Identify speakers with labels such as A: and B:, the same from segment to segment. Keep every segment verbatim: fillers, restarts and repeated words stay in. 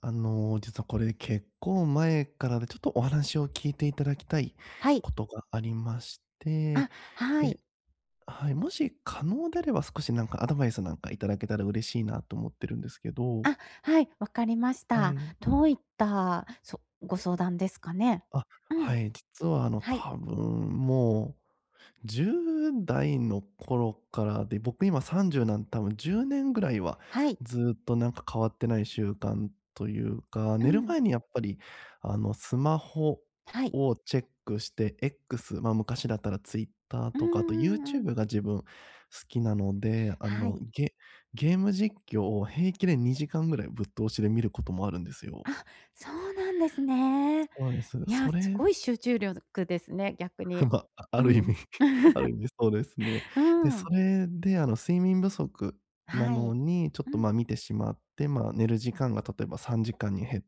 A: あの、実はこれ結構前からで、ちょっとお話を聞いて頂きたい
B: はい。
A: ことがありまして、
B: あ、は
A: で
B: い。
A: あ、はい、もし可能であれば少しなんかアドバイスなんか頂けたら嬉しいなと思ってるんですけど。
B: あ、はい、わかりまし
A: は
B: た。
A: い。
B: どういった、そご相談ですかね？
A: あ、
B: うん。
A: はい、実はあの、
B: はい。
A: 多分もうじゅうだいの頃からで、僕、今さんじゅうなん多分じゅうねんぐらいは
B: はい。
A: ずっとなんか変わってない習慣というか、
B: う
A: 寝る
B: ん。
A: 前にやっぱりあの、スマホ
B: はい。
A: をチェックして、X、ま、昔だったら Twitter
B: うん
A: とか、あと
B: うんう
A: YouTube
B: ん。
A: が自分好きなので、あ
B: は
A: の、
B: い。
A: ゲゲーム実況を平気でにじかんぐらいぶっ通しで見ることもあるんですよ。
B: あ、そうなんですね。
A: そうなんです、
B: いや、
A: そ
B: す
A: れ
B: ごい集中力ですね、逆
A: ふん、
B: に。
A: ばあある意
B: う
A: 味
B: ん。
A: あ る意味そうですね。
B: う
A: で、
B: ー
A: そ
B: ん。
A: れであの、睡眠不足な
B: は
A: の
B: い。
A: に、ちょっ
B: う
A: と
B: ん。
A: ま、見てしまって、まあ、寝る時間が、例えばさんじかんに減っ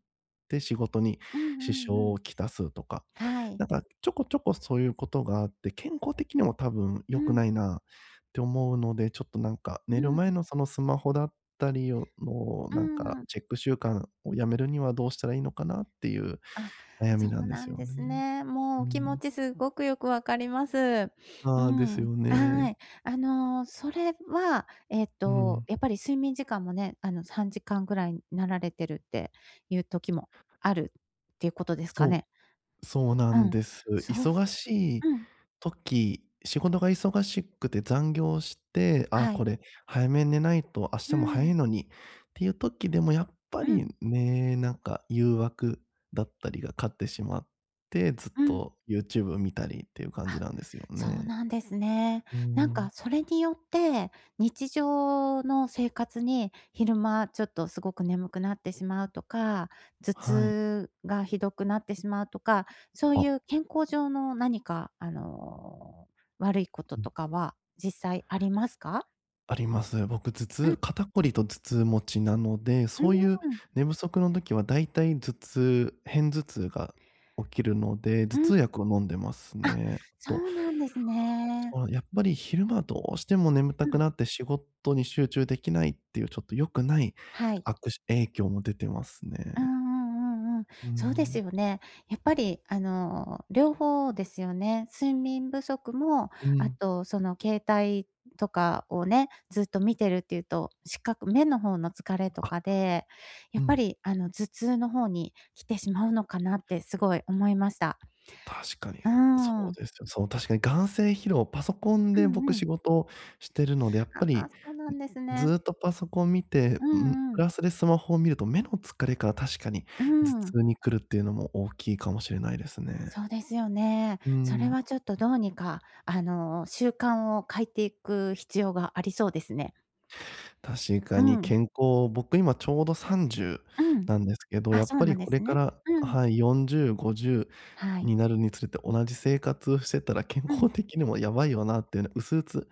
A: て、仕事に
B: うんう
A: 支
B: ん
A: 障
B: うん。
A: をきたすとか。
B: はい。
A: なんかちょこちょこそういう事があって、健康的にも多分
B: う
A: 良く
B: ん。
A: ないなって思うので、ちょっとなんか
B: うん
A: 寝る
B: う
A: 前
B: ん。
A: のそのスマホだったりをの
B: う
A: なんか
B: ん。
A: チェック習慣を止めるには、どうしたらいいのかな？っていう
B: あ、
A: 悩
B: そ
A: みな
B: う
A: んで
B: な
A: す
B: ん
A: よ
B: です
A: ね。
B: ね。も
A: う
B: うお気持
A: ん。
B: ちすっごくよくわかります。う
A: ああ、です
B: ん、
A: よ
B: は
A: ね。
B: い。あの、それはえっ
A: う
B: と、
A: ん。
B: やっぱり睡眠時間もね、あの、さんじかんぐらいになられてるっていう時もあるっていうことですか
A: そ
B: ね？
A: う、そうな
B: う
A: ん
B: ん、
A: です。
B: そうす
A: 忙しい
B: うん。
A: 時、仕事が忙しくて残業して「あ、
B: は
A: こ
B: い。
A: れ早めに寝ないと、明
B: う
A: 日も早
B: ん。
A: いのに」っていう時でもやっぱ
B: う
A: り
B: ん。
A: ね、なんか誘惑だったりが勝ってしまって、ずっ
B: うん。
A: と YouTube 見たりっていう感じ
B: あ、
A: なんですよ
B: そう
A: ね。
B: なんですね。
A: うー
B: なんか
A: ん。
B: それによって、日常の生活に昼間ちょっとすごく眠くなってしまうとか、頭
A: はい。
B: 痛がひどくなってしまうとか、そうい
A: あ。
B: う健康上の何かあの、悪いこと
A: うん。
B: とかは実際ありますか？
A: あります。僕、頭
B: う
A: 痛
B: ん。
A: 肩こりと頭痛持ちなので、
B: う
A: そういう
B: ーん。
A: 寝不足の時は大体頭痛、偏頭痛が起きるので、
B: う
A: 頭
B: ん。
A: 痛薬を飲んでます
B: あ、
A: ね、えっ
B: そ
A: と、
B: う
A: あ、
B: なんですね。
A: そう、やっぱり昼間どうしても眠た
B: う
A: く
B: ん。
A: なって仕事に集中できないっていう、ちょっと良くない
B: はい。
A: 悪しゅ影響も出てますね。
B: うんうんうんうん。
A: うん
B: そうで
A: う
B: す
A: ん。
B: よね。やっぱりあの、両方ですよね。睡眠不足も、
A: う
B: あ
A: ん。
B: とその携帯とかをね、ずっと見てるって言うと、視覚、目の方の疲れと
A: あ。
B: かで、
A: う
B: やっぱ
A: ん。
B: りあの、頭痛の方に来てしまうのかなってすごい思いました。
A: 確かに。
B: う
A: うそう
B: ん。
A: ですよ。そう、確かに眼精疲労、パソコン
B: う
A: で僕
B: んう
A: 仕
B: ん。
A: 事してるので、やっぱ
B: あ、あ、
A: り、
B: そうな
A: ん、
B: んです
A: ず
B: ね。
A: っとパソコン見て、
B: う
A: うん、
B: んう
A: プ
B: ん。
A: ラスでスマホを見ると、目の疲れから確かに、
B: う
A: 頭
B: ん。
A: 痛に来るっていうのも大きいかもしれないですね。
B: そうですよね。
A: う
B: それ
A: ん。
B: はちょっと、どうにかあの、習慣を変いていく必要がありそうですね。
A: 確か
B: う
A: に
B: ん。
A: 健康、僕今ちょうどさんじゅう
B: うん。
A: なんですけど、
B: あ、
A: やっ
B: そう
A: ぱ
B: な
A: り
B: んで
A: これ
B: す
A: か
B: ね。
A: ら
B: う
A: あ、
B: ん。
A: はい、よんじゅうごじゅ
B: は
A: う
B: い。
A: になるにつれて同じ生活をしてたら健
B: うん。
A: 康的にもやばいよなってな、薄うつ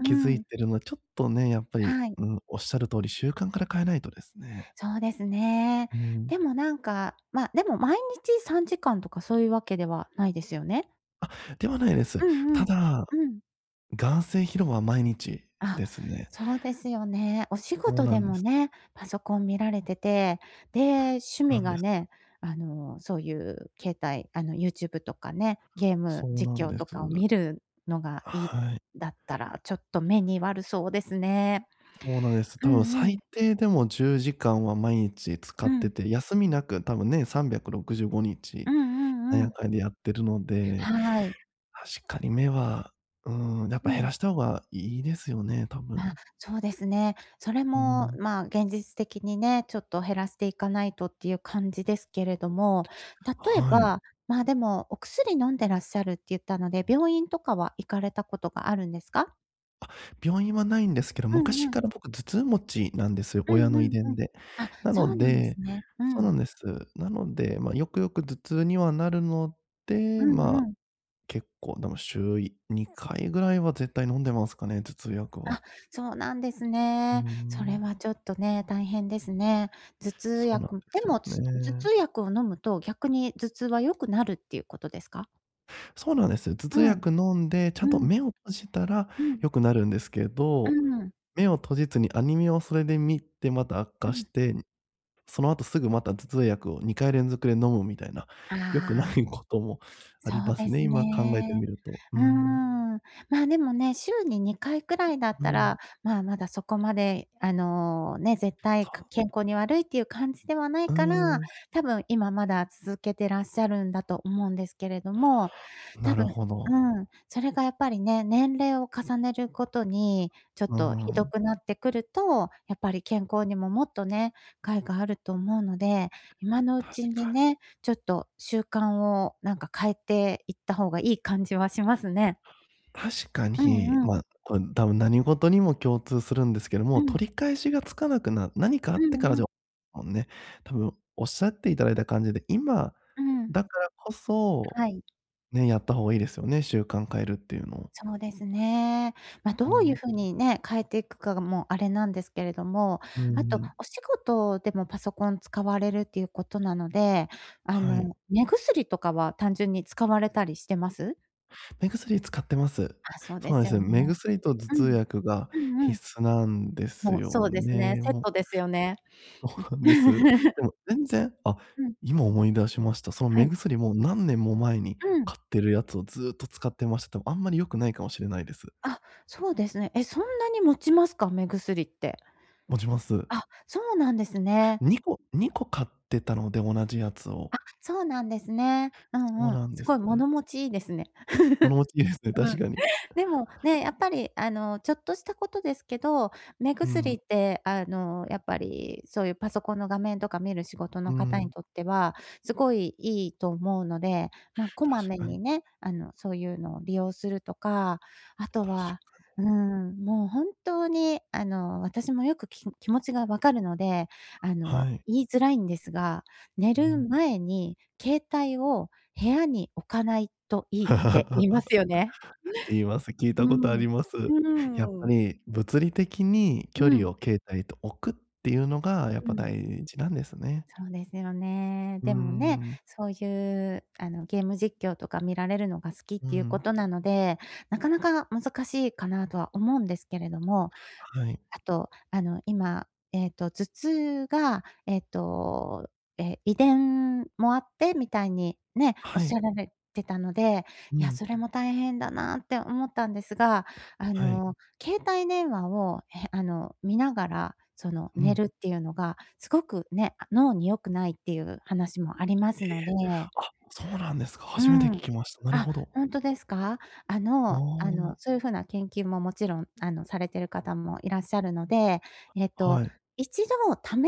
B: う
A: 気づい
B: ん。
A: てるの、ちょっとね、やっぱり、
B: はい。
A: うん、おっしゃる通り習慣から変えないとですね。
B: そうですね。
A: うん。
B: でも、なんか、ま、でも毎日さんじかんとかそういうわけではないですよね？
A: あ、ではないです。
B: うんう
A: た
B: ん、
A: だ、
B: うん。
A: 眼精疲労は毎日
B: あ、
A: ですね。
B: そうですよね。お仕
A: そう
B: 事
A: な
B: で
A: んで
B: も
A: す。
B: ね、パソコン見られてて、で、
A: そ
B: 趣
A: うな
B: 味
A: んで
B: が
A: す。
B: ね、あの、そうゆう、携帯あの、YouTube とかね、ゲー
A: そ
B: ム
A: うな
B: 実
A: ん
B: 況
A: です。
B: とかを見るのがいい、
A: はい。
B: だったら、ちょっと目に悪そうですね。
A: そうなんです。
B: う
A: 多分
B: んう
A: 最
B: ん。
A: 低でも、じゅうじかんは毎日使
B: う
A: って
B: ん。
A: て、休みなく、多分、年さんびゃくろくじゅうごに
B: う
A: ち、
B: んう
A: あ
B: んう
A: や
B: ん。
A: かにやってるので、
B: はい。
A: 確かに目は、うーん、
B: う
A: やっ
B: う
A: ぱ減
B: ん。
A: らした方がいいですよね、多
B: まあ、
A: 分。
B: そうですね。それ
A: うう
B: も
A: ん。
B: まあ、現実的にね、ちょっと減らしていかないとってゆう感じですけれども、例え
A: はい。
B: ば、まあでも、お薬飲んでらっしゃるって言ったので、病院とかは行かれたことがあるんですか？
A: あ、病院はないんですけど、
B: うん
A: 昔
B: うん。
A: から、僕、頭痛持ちなんですよ、
B: う
A: 親
B: ん
A: の
B: う
A: 遺
B: んう
A: 伝
B: ん。
A: で。
B: あ、
A: な
B: そ
A: の
B: うなんです
A: で
B: ね。う
A: そうな
B: ん。
A: んです。なので、ま、よくよく頭痛にはなるの
B: う
A: で、ま
B: ん
A: あ、
B: うん。
A: 結構、でも、週いにかいぐらいは絶対飲んでますかね、頭痛薬
B: あ、
A: は。
B: そうなんです
A: うー
B: ね。それ
A: ん。
B: はちょっとね、大変ですね。頭痛
A: そうなん
B: 薬
A: で
B: で
A: す
B: も、
A: よ
B: つ頭
A: ね。
B: 痛薬を飲むと逆に頭痛は良くなるってゆうことですか？
A: そうなんです。頭痛
B: うん。
A: 薬飲んで、ちゃ
B: う
A: んと
B: ん。
A: 目を閉じたら
B: うん。
A: 良くなるんですけ
B: う
A: ど、
B: ん。
A: 目を閉じずにアニメをそれで見てまた悪
B: う
A: 化し
B: ん。
A: て、その後すぐまた頭痛薬をにかい連続で飲むみたいな、
B: あ
A: 良く
B: あ。
A: ないこともあ
B: そ
A: り
B: う
A: ま
B: で
A: すね。
B: す
A: 今考えて
B: ね。
A: みると。う
B: うー
A: ん。
B: ん。ま、でもね、週ににかいくらいだっ
A: う
B: た
A: ん。
B: ら、まあ、まだそこまで、あの、ね、絶対
A: そ
B: か
A: う。
B: 健康に悪いっていう感じではない
A: うー
B: から、
A: ん。
B: 多分今まだ続けてらっしゃるんだと思うんですけれども。多
A: なる
B: 分、
A: ほど。
B: うん、それがやっぱりね、年齢を重ねるごとにちょっ
A: うー
B: とひど
A: ん。
B: くなってくると、やっぱり健康にももっとね、害があると思うので、今のう
A: 確
B: ちに
A: かに。
B: ね、ちょっと習慣を、なんか、変えていった方がいい感じはしますね。
A: 確か
B: う
A: に、
B: んうん。
A: ま、これ多分何事にも共通するんですけど
B: う
A: も、
B: ん
A: 取り返しがつかなくな何かあ
B: う
A: ってから
B: んう
A: じゃ
B: ん。
A: ね、多分おっしゃって頂いた感じで、今
B: うん。
A: だからこそ
B: はい。
A: ね、やった方がいいですよね、習慣変えるっていうのを。
B: そうですね。ま、ど
A: う
B: ういう
A: ん。
B: 風にね、変えていくかが、もう、あれなんですけれども、
A: う
B: あと、
A: ん。
B: お仕事でもパソコン使われるっていうことなので、あ
A: はい。
B: の、目薬とかは単純に使われたりしてます？
A: 目薬使ってます。
B: あ、そう
A: そ
B: で
A: うなん
B: す
A: です
B: よ
A: よ、目
B: ね。
A: 薬と頭
B: う
A: 痛
B: ん。
A: 薬が
B: うんうん。
A: 必須なんです
B: もう、そ
A: よ
B: うですね。
A: ね。
B: セッ
A: も。
B: トですよね。ん。
A: そうなんです。で も全然、あ、
B: うん。
A: 今思い出しました。その
B: は
A: 目
B: い。
A: 薬も何年も前に
B: うん。
A: 買ってるやつをずっと使ってました。多分あんまり良くないかもしれないです。
B: あ、そうですね。え、そんなに持ちますか？目薬って。
A: 持ちます。
B: あ、そうなんですね。
A: にこにこ買ってたので。同じやつを。
B: あ、そうなんですね。う
A: そ
B: ん
A: う
B: うん。
A: なんで
B: す
A: す。
B: ごい物持ちいいですね。
A: 物持ちいいですね、確 かに。
B: でも、ね、やっぱり、あの、ちょっとしたことですけど、目
A: う
B: 薬
A: ん。
B: って、あの、やっぱり、そういうパソコンの画面とか見る仕事
A: う
B: の方
A: ん。
B: にとってはすごいいいと思うので、ま、こま
A: 確
B: め
A: かに。
B: にね、あの、そういうのを利用するとか、あと
A: 確
B: は、
A: かに。
B: うん、もう、本当に、あの、私もよくき気持ちがわかるので、あの、
A: はい。
B: 言いづらいんですが、寝
A: う
B: る
A: ん。
B: 前に携帯を部屋に置かないといいって言 いますよね。
A: 言います。聞いたことあり
B: う
A: ます。
B: ん。う
A: やっぱ
B: ーん。
A: り、物理的に
B: う
A: 距離
B: ん。
A: を携帯と置くっていうのが、やっ
B: う
A: ぱ
B: ん。
A: 大事なんですね。
B: そうですよね。
A: うー
B: でもね、
A: ん。
B: そういう、あの、ゲーム実況とか見られるのが好きっ
A: う
B: ていうこ
A: ん。
B: となので、なかなか難しいかなとは思うんですけれども、
A: はい。
B: あと、あの、今、えっと、頭痛が、えっと、え、遺伝もあってみたいにね、おっ
A: は
B: し
A: い。
B: ゃられてたので、
A: う
B: いや、
A: ん。
B: それも大変だなって思ったんですが、あ
A: はい。
B: の、携帯電話を、え、あの、見ながら、その、
A: う
B: 寝
A: ん。
B: るっていうのがすごくね、あ脳に良くないっていう話もあります
A: え。
B: ので。
A: あ、そうなんですか。
B: う
A: 初めて聞
B: ん。
A: きました。なる
B: あ、
A: ほど。
B: ほんとですか？あ
A: あ
B: のあの、
A: あ。
B: そういうふうな研究ももちろん、あの、されている方もいらっしゃるので、えっ
A: は
B: と、
A: い。
B: 一度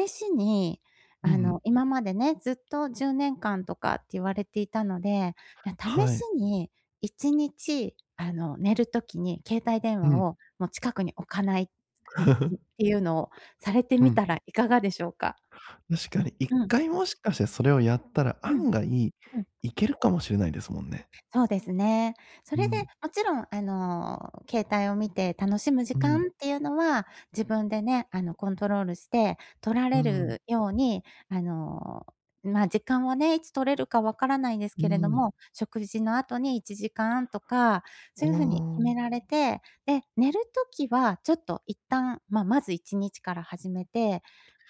B: 試しに、
A: う
B: あの、
A: ん。
B: 今までね、ずっとじゅうねんかんとかって言われていたので、や、試
A: は
B: し
A: い。
B: にいちにちあの、寝る時に携帯電話
A: うん。
B: をもう近くに置かない。っ ていうのをされて
A: う
B: みた
A: ん。
B: らいかがでしょうか？
A: 確かにいっ
B: うん。
A: かいもしかしてそれをやったら
B: うん。
A: 案外
B: うん。
A: 行けるかもしれないですもんね。
B: そうですね。そ
A: う
B: れで
A: ん。
B: もちろん、あの、携帯を見て楽しむ時
A: うん。
B: 間っていうのは、自分でね、あの、コントロールしてとら
A: う
B: れ
A: ん。
B: るように、あの、ま、時間はね、いつ取れるか分からないんです
A: う
B: けれど
A: ん。
B: も、食事の後にいちじかんとか、
A: あ
B: そういうふうに決
A: あ。
B: められて、で、寝る時はちょっと一旦、ままずいちにちから始めて、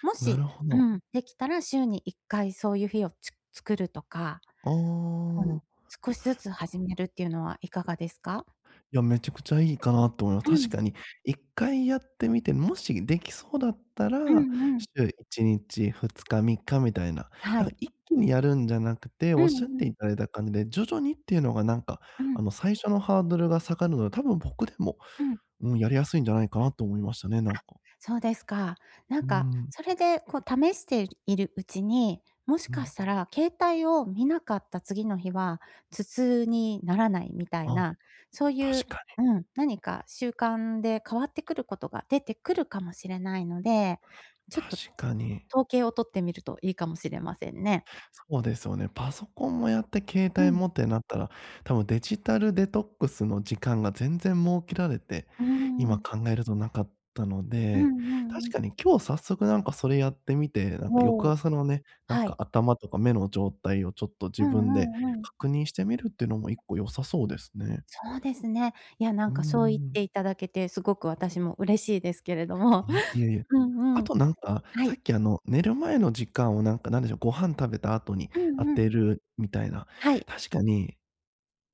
B: も
A: なる
B: し、
A: ほ
B: う
A: ど。
B: ん、できたら週にいっかいそういう日をつ作るとか。
A: ああ
B: [unintelligible] 少しずつ始めるっていうのはいかがですか？
A: いや、めちゃくちゃいいかなと思いま
B: う
A: す。確
B: ん。
A: かにいっかいやってみて、もしできそうだった
B: う
A: ら、
B: んうん。
A: 週いちにちふつかみっかみたいな。
B: は
A: だか
B: い。
A: ら一気にやるんじゃなくて、
B: う
A: お
B: ん
A: っしゃっ
B: うん。
A: ていただいた感じで、徐々にっていうのが、なんか、
B: う
A: あ
B: ん。
A: の、最初のハードルが下がるので、多分僕でも、
B: うん。
A: うん。やりやすいんじゃないかなと思いましたね。なん
B: あ、
A: か。
B: そうですか。なん
A: う
B: か、
A: ん。
B: それで、こう、試しているうちに、もし
A: う
B: か
A: ん。
B: したら携帯を見なかった次の日は頭痛にならないみたい
A: あ。
B: な、そうい
A: 確
B: う、
A: かに。
B: うん、何か習慣で変わってくることが出てくるかもしれないので、ちょっと
A: 確かに。
B: 統計を取ってみるといいかもしれませんね。
A: そうですよね。パソコンもやって携
B: う
A: 帯
B: ん。
A: もってなったら、多分デジタルデトックスの時間が全然設けられて、
B: うー
A: 今
B: ん。
A: 考えるとなかったの
B: うん
A: で、
B: うん
A: 確
B: うん。
A: かに今日早速、なんか、それやってみて、なんか、
B: お
A: 翌
B: お。
A: 朝のね、なん
B: は
A: か、
B: い。
A: 頭とか目の状態を、ちょっと、
B: う
A: 自分で
B: んうんうん。
A: 確認してみるっていうのもいっこ良さそうですね。
B: そうですね。いや、な
A: う
B: ん
A: ー
B: か、そう言っ
A: ん。
B: ていただけてすごく私も嬉しいですけれども。
A: いえ、いえいえ。
B: うん
A: あ
B: うん。
A: と、なんか、
B: は
A: さ
B: い。
A: っき、あの、寝る前の時間を、なんか、なんでしょう、ご飯食べた後に
B: う
A: 当
B: んう
A: て
B: ん。
A: るみたいな。
B: はい。
A: 確かに、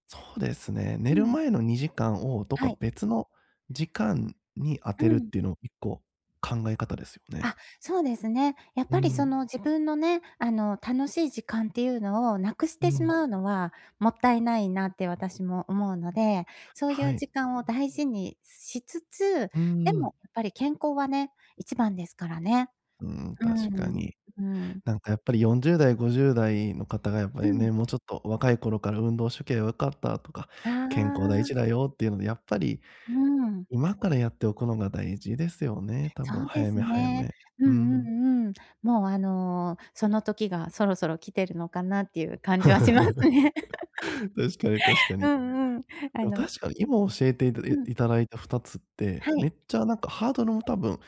A: そうですね、寝
B: う
A: る
B: ん。
A: 前のにじかんをどっ
B: は
A: か
B: い。
A: 別の時間に当
B: う
A: てるっ
B: ん。
A: ていうのをいっこ考え方ですよね。
B: あ、そうですね。やっ
A: う
B: ぱり、そ
A: ん。
B: の、自分のね、あの、楽しい時間っていうのをなくし
A: う
B: てし
A: ん。
B: まうのはもったいないなって私も思うので、そうい
A: は
B: う
A: い。
B: 時間を大事にしつつ、
A: うー
B: でも
A: ん。
B: やっぱり健康はね、一番ですからね。
A: うん、
B: う
A: 確か
B: ーん。
A: に。
B: うん。
A: なんか、やっぱり、よんじゅうだいごじゅうだいのかたが、やっぱ
B: う
A: り
B: ん。
A: ね「もうちょっと若い頃から運動しときゃよかった」とか
B: あ
A: 「健康大
B: あ。
A: 事だよ」って言うので、やっぱり
B: うん。
A: 今からやっておくのが大事ですよね。多
B: そ
A: 分
B: うで
A: 早
B: す
A: め早
B: ね。
A: め。
B: う
A: う
B: んう
A: ん。
B: んうん。もう、あの、その時がそろそろ来てるのかなっていう感じはしますね。
A: 確かに確か
B: う
A: に。
B: んうん。あ
A: でも
B: の。
A: 確かに今教えていた
B: うん。
A: 頂いたふたつって、
B: は
A: め
B: い。
A: っちゃ、なんか、ハードルも多分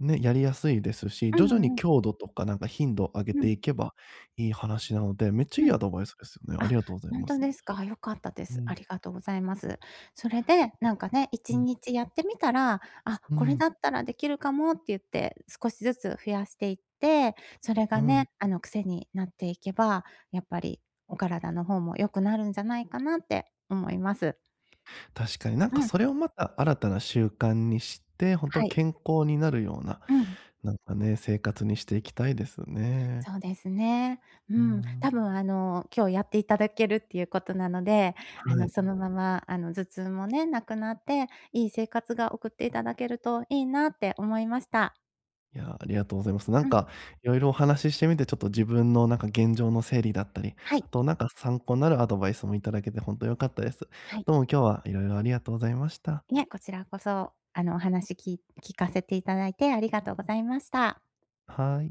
A: ね、やりやすいですし、
B: う
A: 徐々に
B: んうん。
A: 強度とか、なんか、頻度を上げ
B: う
A: てい
B: ん。
A: けばいい話なのでめっちゃ
B: う
A: いいア
B: ん。
A: ドバイスですよね。あり
B: あ、
A: がとうござい
B: ほん
A: ま
B: と
A: す。
B: ですか？良かったで
A: う
B: す。
A: ん。
B: ありがとうございます。それで、なんかね、い
A: [unintelligible] う
B: ち
A: ん。
B: にちやってみたら、あ、
A: う
B: これ
A: ん。
B: だったらできるかもって言って少しずつ増やしていって、それ
A: う
B: が
A: ん。
B: ね、あの、クセになっていけば、やっぱり、お体の方も良くなるんじゃないかなって思います。
A: 確かに、なんか、
B: うん。
A: それをまた新たな習慣にして、本当
B: はい。
A: 健康になるような、
B: うん。
A: なんかね、生活にしていきたいですね。
B: そうですね。う
A: うー
B: ん、
A: ん。
B: 多分、あの、今日やっていただけるっていうことなので、あ
A: は
B: の、
A: い。
B: そのまま、あの、頭痛もね、なくなって、いい生活が送っていただけるといいなって思いました。
A: いやあ、ありがとうございます。なん
B: うん。
A: か、色々お話ししてみて、ちょっと、自分の、なんか、現状の整理だったり、
B: は
A: あ
B: い。
A: と、なんか、参考になるアドバイスも頂けて本当良かったです。
B: はい。
A: どうも今日は色々ありがとうございました。
B: いえ、こちらこそ、あの、お話き聞かせていただいてありがとうございました。
A: はい。